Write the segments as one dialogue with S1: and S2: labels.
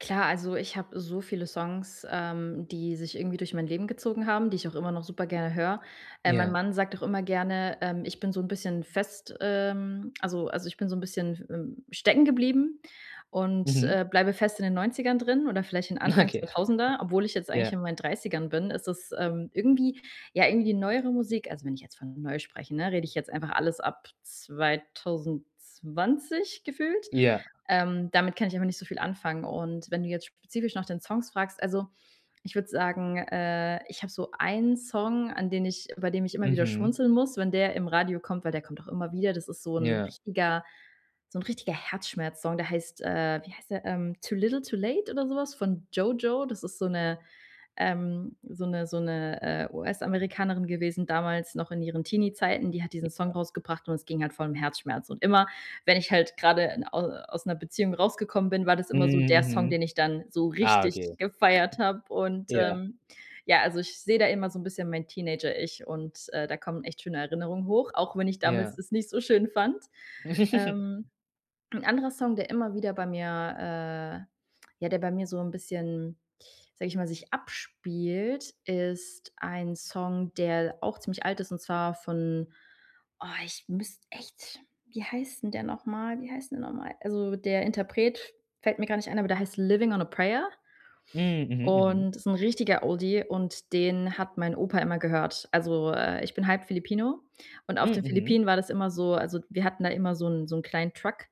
S1: Klar, also ich habe so viele Songs, ähm, die sich irgendwie durch mein Leben gezogen haben, die ich auch immer noch super gerne höre. Äh, mein
S2: Ja.
S1: Mann sagt auch immer gerne, ähm, ich bin so 'n bisschen fest ähm, also also ich bin so 'n bisschen f ähm, stecken geblieben und,
S2: Mhm.
S1: äh, bleibe fest in den 90ern drin oder vielleicht in Anfang
S2: Okay.
S1: 2000er, obwohl ich jetzt eigentlich
S2: Ja.
S1: in meinen 30ern bin. Es ist, ähm, irgendwie ja, irgendwie neuere Musik, also wenn ich jetzt von neu spreche, ne, rede ich jetzt einfach alles ab 2020 gefühlt.
S2: Ja.
S1: Ähm, damit kann ich einfach nicht so viel anfangen. Und wenn du jetzt spezifisch nach den Songs fragst also, ich würd sagen, äh, ich hab so einen Song, an den ich bei dem ich immer wieder
S2: Mhm.
S1: schmunzeln muss, wenn der im Radio kommt, weil der kommt auch immer wieder. Das ist so 'n
S2: Ja.
S1: richtiger so 'n richtiger Herzschmerz-Song. Der heißt, äh wie heißt der, ähm? „Too Little Too Late“ oder so was von „JoJo.“ Das ist so 'ne, ähm, so 'ne so 'ne, äh, US-Amerikanerin gewesen damals noch in ihren Teenie-Zeiten. Die hat diesen Song
S2: Ja.
S1: rausgebracht und es ging halt voll um Herzschmerz. Und immer, wenn ich halt grade au aus 'ner Beziehung rausgekommen bin, war das
S2: Mhm,
S1: immer so der Song,
S2: mhm.
S1: den ich dann so
S2: Ah,
S1: richtig
S2: okay.
S1: gefeiert habe. Und
S2: Ja.
S1: ähm, ja, also ich seh da immer so 'n bisschen mein Teenager-Ich und, äh, da kommen echt schöne Erinnerungen hoch, auch wenn ich damals
S2: Ja.
S1: das nicht so schön fand. Ähm, 'n anderer Song, der immer wieder bei mir äh, ja der bei mir so 'n bisschen- sage ich mal- sich abspielt, ist ein Song, der auch ziemlich alt ist, und zwar von boah ich müsste echt wie heißt denn der nochmal? Wie heißt denn der nochmal? Also der Interpret fällt mir gar nicht ein, aber der heißt „Livin' on a Prayer“
S2: Mhm. Mhm, mhm.
S1: und ist 'n richtiger Oldie und den hat mein Opa immer gehört. Also, äh, ich bin halb Filipino und auf
S2: Mhm,
S1: den
S2: mhm.
S1: Philippinen war das immer so also wir hatten da immer so 'n so 'n kleinen Truck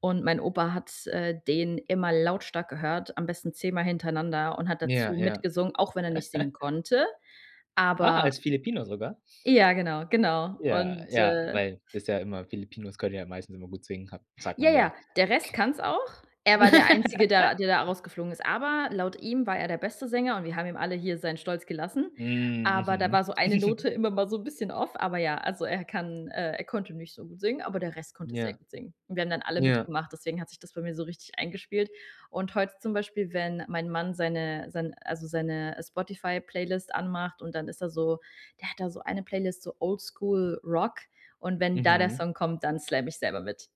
S1: und mein Opa hat, äh, den immer lautstark gehört, am besten 10 Mal hintereinander und hat
S2: Ja,
S1: dazu
S2: ja.
S1: mitgesungen, auch wenn er nicht singen konnte.
S2: Ah,
S1: Aber
S2: als Filipino sogar?
S1: ja, genau, genau.
S2: Ja,
S1: Und
S2: ja,
S1: äh
S2: weil ist ja immer Filipinos können ja meistens immer gut singen, ha sagt
S1: Ja,
S2: man
S1: ja,
S2: ja.
S1: der Rest kann's auch. Er war der Einzige, der der da rausgeflogen ist. Aber laut ihm war er der beste Sänger und wir haben ihm alle hier seinen Stolz gelassen.
S2: Mhm,
S1: Aber da
S2: mhm.
S1: war so eine Note immer mal so 'n bisschen off. Aber ja, also er kann, äh er konnte nicht so gut singen, aber der Rest konnte sehr
S2: Ja,
S1: gut singen. Und wir haben dann alle
S2: ja.
S1: mitgemacht, deswegen hat sich das bei mir so richtig eingespielt. Und heute zum Beispiel, wenn mein Mann seine sein also seine Spotify-Playlist anmacht und dann ist da so der hat da so eine Playlist, so Oldschool Rock. Und wenn da der
S2: Mhm.
S1: Song kommt, dann slam ich selber mit.